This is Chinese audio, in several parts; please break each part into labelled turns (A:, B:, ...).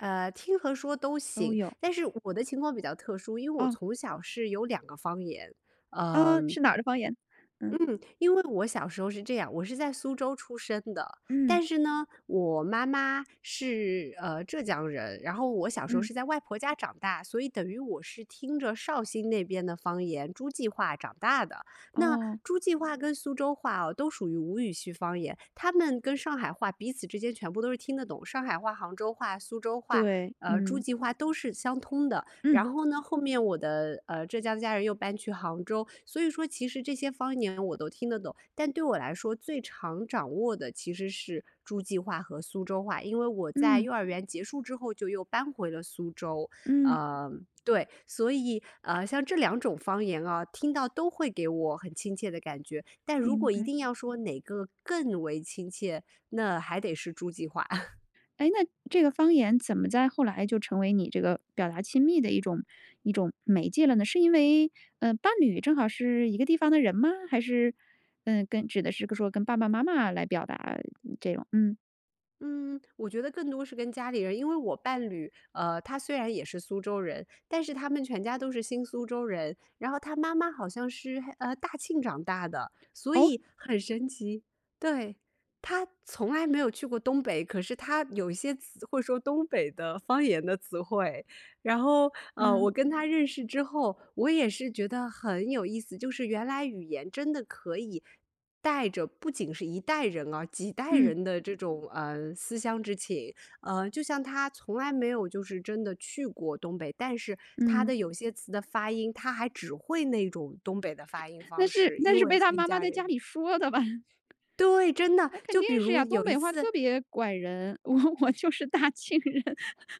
A: 呃，听和说都
B: 都
A: 行。
B: 有。
A: 但是我的情况比较特殊，因为我
B: 嗯。
A: 从小是有两个方言，
B: 哦，
A: 嗯。
B: 是哪儿的方言？嗯。
A: 嗯，因为我小时候是这样，我是在苏州出生的。但
B: 嗯。
A: 是呢，我妈妈，是，呃，浙江人。然后我小时候
B: 嗯。
A: 是在外婆家长大，所以等于我是听着绍兴那边的方言诸暨话长大的。那，
B: 哦。
A: 诸暨话跟苏州话哦，都属于吴语区方言，他们跟上海话彼此之间全部都是听得懂。上海话、杭州话、苏州话，
B: 对，
A: 呃，诸
B: 嗯。
A: 暨话都是相通的。
B: 嗯。
A: 然后呢，后面我的，呃，浙江家人又搬去杭州。所以说其实这些方言我都听得懂，但对我来说最常掌握的，其实是诸暨话和苏州话。因为我在
B: 嗯。
A: 幼儿园结束之后，就又搬回了苏州。
B: 嗯。
A: 呃，对。所以，啊，像这两种方言啊，听到都会给我很亲切的感觉。但如
B: 明
A: 果一
B: 白。
A: 定要说哪个更为亲切，那，还得是诸暨话。
B: 诶那，这个方言怎么在后来就成为你这个，表达亲密的一种一种，媒介了呢？是因为，呃，伴侣正好是一个地方的人吗？还是，呃，跟指的是说跟爸爸妈妈来表达，嗯，这种。嗯。
A: 嗯，我觉得更多是跟家里人。因为我伴侣，呃，他虽然也是苏州人，但是他们全家都是新苏州人。然后他妈妈好像是，嗯，大庆长大的。所
B: 哦？
A: 以，很神奇。对，他从来没有去过东北，可是他有一些词会说东北的方言的词汇。然后，呃，我
B: 嗯。
A: 跟他认识之后，我也是觉得，很有意思。就是原来语言真的可以，带着，不仅是一代人啊，几代
B: 嗯。
A: 人的这种，嗯，思乡之情。啊，就像他从来没有就是真的去过东北。但是他
B: 嗯。
A: 的有些词的发音，他还只会那种东北的发音
B: 那
A: 方
B: 是
A: 式，
B: 那
A: 因
B: 是
A: 为
B: 被他
A: 跟
B: 妈妈
A: 家
B: 在
A: 里
B: 家
A: 人
B: 里说的吧？
A: 对，真的，
B: 那肯
A: 就
B: 定
A: 比
B: 是
A: 如，
B: 呀，东
A: 有一
B: 北话
A: 次
B: 特别拐人，我我就是大庆人。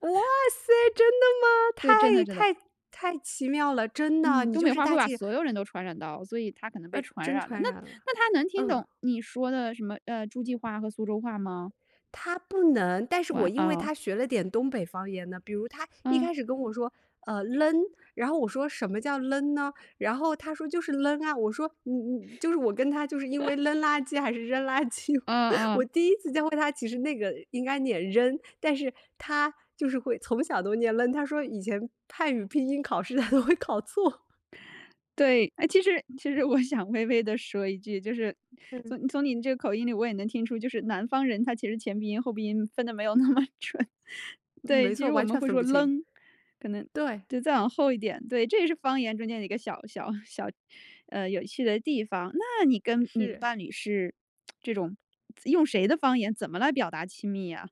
A: 哇塞，真的吗？
B: 对，真的
A: 太
B: 真的。
A: 太太奇妙了！真的，
B: 嗯，
A: 你
B: 东
A: 就
B: 北
A: 是
B: 话
A: 大
B: 会把
A: 庆人。
B: 所有人都传染到，所以他可能被
A: 呃，
B: 传
A: 真
B: 染了。
A: 传
B: 那，
A: 染了，
B: 那他能听
A: 嗯。
B: 懂你说的，什么，呃，诸暨话和苏州话吗？
A: 他不能，但是我
B: 哇，
A: 因为
B: 哦。
A: 他学了点东北方言呢。比如他，一
B: 嗯。
A: 开始跟我说，呃，leng，然后我说什么叫 leng 呢？然后他说就是 leng 啊。我说嗯嗯，就是我跟他就是因为 ，leng 垃圾，还是扔垃圾。
B: 嗯
A: 我
B: 嗯。
A: 第一次教会他，其实那个应该念扔。但是，他，就是会从小都念 leng。他说以前汉语拼音考试他都会考错。
B: 对。诶，其实其实我想微微地说一句，就是，
A: 嗯。
B: 从从您这口音里我也能听出，就是，南方人，他其实前鼻音、后鼻音分得没有那么准。
A: 嗯，
B: 对，
A: 没
B: 其
A: 错，
B: 实我
A: 完
B: 们
A: 全
B: 会
A: 分
B: 说
A: 不清。
B: leng，可能，
A: 对。
B: 就再往后一点，对。这也是方言中间的一个小小 小，呃，有趣的地方。那，你跟，你的
A: 是。
B: 伴侣是 这种用谁的方言怎么来表达亲密呀？